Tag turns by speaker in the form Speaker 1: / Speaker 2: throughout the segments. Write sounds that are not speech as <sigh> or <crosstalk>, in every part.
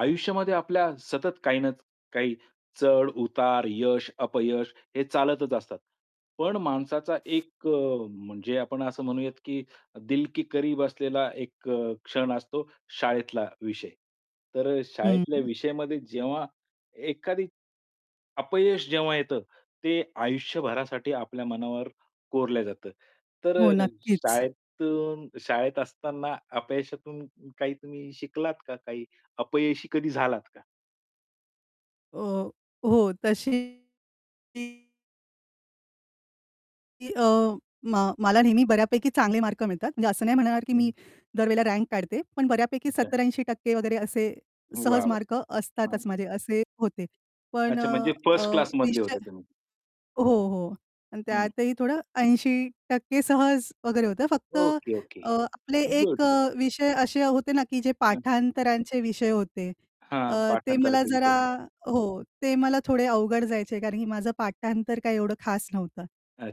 Speaker 1: आयुष्यामध्ये आपल्या सतत काही नच काही चढ-उतार, यश, अपयश हे चालतच असतात. पण माणसाचा एक अ, म्हणजे आपण असं म्हणूयात, की दिल की करीब असलेला एक अ, क्षण असतो शाळेतला विषय. तर अ,
Speaker 2: हं,
Speaker 1: शाळेतल्या
Speaker 2: हं.
Speaker 1: विषयामध्ये जेव्हा एखादी, अपयश जेव्हा येतं, ते आयुष्यभरासाठी आपल्या मनावर कोरलं जातं. तर
Speaker 2: हो,
Speaker 1: अ,
Speaker 2: नक्कीच.
Speaker 1: शाळेतून शाळेत असताना अपयशातून काही तुम्ही शिकलात का? काही अपयशी कधी झालात का?
Speaker 2: अ, हो, तशी की अ, मा मला नेहमी बऱ्यापैकी चांगले मार्क मिळतात. म्हणजे असं नाही म्हणणार, की
Speaker 1: हं.
Speaker 2: मी दर वेळेला रँक काढते, पण बऱ्यापैकी
Speaker 1: अच्छा.
Speaker 2: 70-80% वगैरे असे
Speaker 1: वाह!
Speaker 2: सहज
Speaker 1: वाह!
Speaker 2: मार्क असतातच
Speaker 1: हां.
Speaker 2: माझे, असे होते. पण
Speaker 1: अच्छा
Speaker 2: अ,
Speaker 1: म्हणजे
Speaker 2: अ,
Speaker 1: फर्स्ट क्लासमधले
Speaker 2: विषय
Speaker 1: होते तुम्ही.
Speaker 2: हो, हो अन्
Speaker 1: हं.
Speaker 2: त्यातही थोडं 80% सहज वगैरे होतं, फक्त
Speaker 1: ओके, ओके.
Speaker 2: अ, आपले एक
Speaker 1: गुड, गुड.
Speaker 2: अ, विषय असे होते ना, की जे
Speaker 1: हं.
Speaker 2: पाठांतराचे विषय होते,
Speaker 1: हां,
Speaker 2: अ, ते मला
Speaker 1: पाठांतराचे विषय
Speaker 2: जरा
Speaker 1: <unintelligible>
Speaker 2: हो, ते मला थोडे अवघड जायचे कारण, की माझं पाठांतर काय एवढं खास नव्हतं.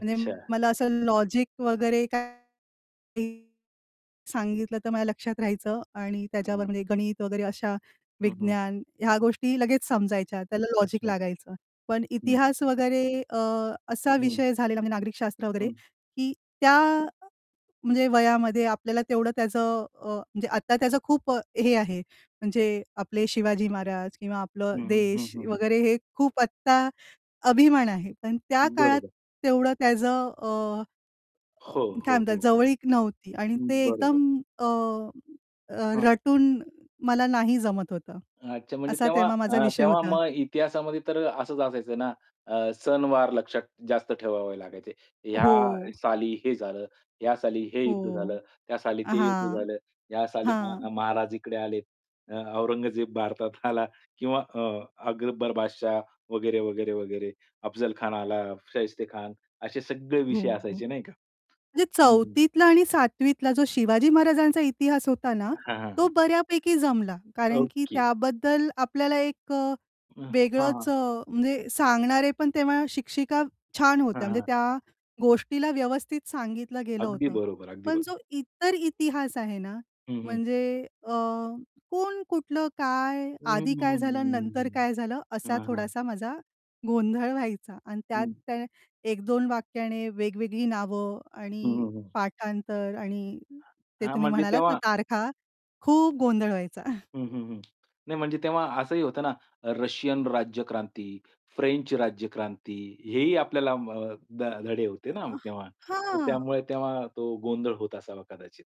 Speaker 2: म्हणजे मला असं लॉजिक वगैरे काय <unintelligible> सांगितलं तर माझ्या लक्षात राहायचं आणि त्याच्यावर
Speaker 1: हं.
Speaker 2: म्हणजे गणित वगैरे अशा
Speaker 1: हं, हं.
Speaker 2: विज्ञान ह्या गोष्टी लगेच समजायच्या. त्याला लॉजिक
Speaker 1: अच्छा.
Speaker 2: लागायचं. पण
Speaker 1: हं.
Speaker 2: इतिहास वगैरे अ, असा
Speaker 1: हं.
Speaker 2: विषय झालेला म्हणजे नागरिक शास्त्र वगैरे,
Speaker 1: हं.
Speaker 2: की त्या म्हणजे वयामध्ये आपल्याला तेवढं त्याचं अ, म्हणजे आत्ता त्याचं खूप अ, हे आहे म्हणजे आपले शिवाजी महाराज किंवा आपलं
Speaker 1: हं, हं, हं,
Speaker 2: देश
Speaker 1: हं, हं.
Speaker 2: वगैरे हे खूप आत्ता अभिमान आहे, पण त्या काळात
Speaker 1: बरोबर.
Speaker 2: तेवढं त्याचं अ, अ,
Speaker 1: हो,
Speaker 2: काय
Speaker 1: हो,
Speaker 2: म्हणतात
Speaker 1: हो, हो.
Speaker 2: जवळीक नव्हती आणि ते
Speaker 1: बरोबर.
Speaker 2: एकदम अ, अ,
Speaker 1: हां.
Speaker 2: रटून मला नाही जमत होतं.
Speaker 1: अच्छा म्हणजे
Speaker 2: असा
Speaker 1: तेव्हा
Speaker 2: तेव्हा माझा
Speaker 1: अ,
Speaker 2: विषय
Speaker 1: तेव्हा
Speaker 2: होता.
Speaker 1: मग इतिहासामध्ये तर असंच असायचं ना, अ, सणवार लक्षात जास्त ठेवावे लागायचे. ह्या
Speaker 2: हो.
Speaker 1: साली हे झालं, ह्या साली हे युद्ध
Speaker 2: हो.
Speaker 1: झालं, त्या साली ते युद्ध
Speaker 2: हां.
Speaker 1: झालं. या साली
Speaker 2: हां.
Speaker 1: म महाराज इकडे आले. अ, औरंगजेब भारतात आला किंवा अ, अकबर बादशाह वगैरे, वगैरे, वगैरे. अफजलखान आला, शाहिस्तेखान असे सगळे
Speaker 2: हो.
Speaker 1: विषय असायचे नाही
Speaker 2: म्हणजे
Speaker 1: का? हं.
Speaker 2: 4थीतला आणि 7वीतला जो शिवाजी महाराजांचा इतिहास होता ना,
Speaker 1: हां, हां,
Speaker 2: तो
Speaker 1: हां.
Speaker 2: बऱ्यापैकी जमला कारण, की
Speaker 1: ओके.
Speaker 2: त्याबद्दल आपल्याला एक अ,
Speaker 1: अ,
Speaker 2: वेगळच
Speaker 1: हां.
Speaker 2: अ, म्हणजे सांगणारे पण तेव्हा शिक्षिका छान
Speaker 1: हां,
Speaker 2: होत्या म्हणजे
Speaker 1: हां.
Speaker 2: त्या गोष्टीला व्यवस्थित सांगितलं गेलं
Speaker 1: अगदी
Speaker 2: होतं.
Speaker 1: बरोबर, अगदी
Speaker 2: पण जो
Speaker 1: बरोबर.
Speaker 2: इतर इतिहास आहे ना,
Speaker 1: हं, हं.
Speaker 2: म्हणजे अ, कोण, कुठलं, काय,
Speaker 1: हं,
Speaker 2: आधी
Speaker 1: हं,
Speaker 2: काय
Speaker 1: हं, हं,
Speaker 2: झालं नंतर
Speaker 1: हं,
Speaker 2: काय झालं?
Speaker 1: हं.
Speaker 2: असा
Speaker 1: हां, हां.
Speaker 2: थोडासा माझा गोंधळ व्हायचा आणि त्यात
Speaker 1: हं.
Speaker 2: त्याने 1-2 वाक्याने वेगवेगळी नावं
Speaker 1: हं,
Speaker 2: आणि
Speaker 1: हं, हं.
Speaker 2: पाठांतर आणि ते
Speaker 1: हां,
Speaker 2: तुम्ही
Speaker 1: म्हणजे
Speaker 2: म्हणालात ना,
Speaker 1: तेव्हा
Speaker 2: तारखा खूप गोंधळ व्हायचा. <chuckles>
Speaker 1: हं, हं, हं. नाही म्हणजे तेव्हा असंही होतं ना, अ, रशियन राज्यक्रांती, फ्रेंच राज्यक्रांती, हेही आपल्याला म ध धडे होते ना
Speaker 2: अ,
Speaker 1: तेव्हा. तर
Speaker 2: हां.
Speaker 1: त्यामुळे तेव्हा तो गोंधळ होत असावा कदाचित.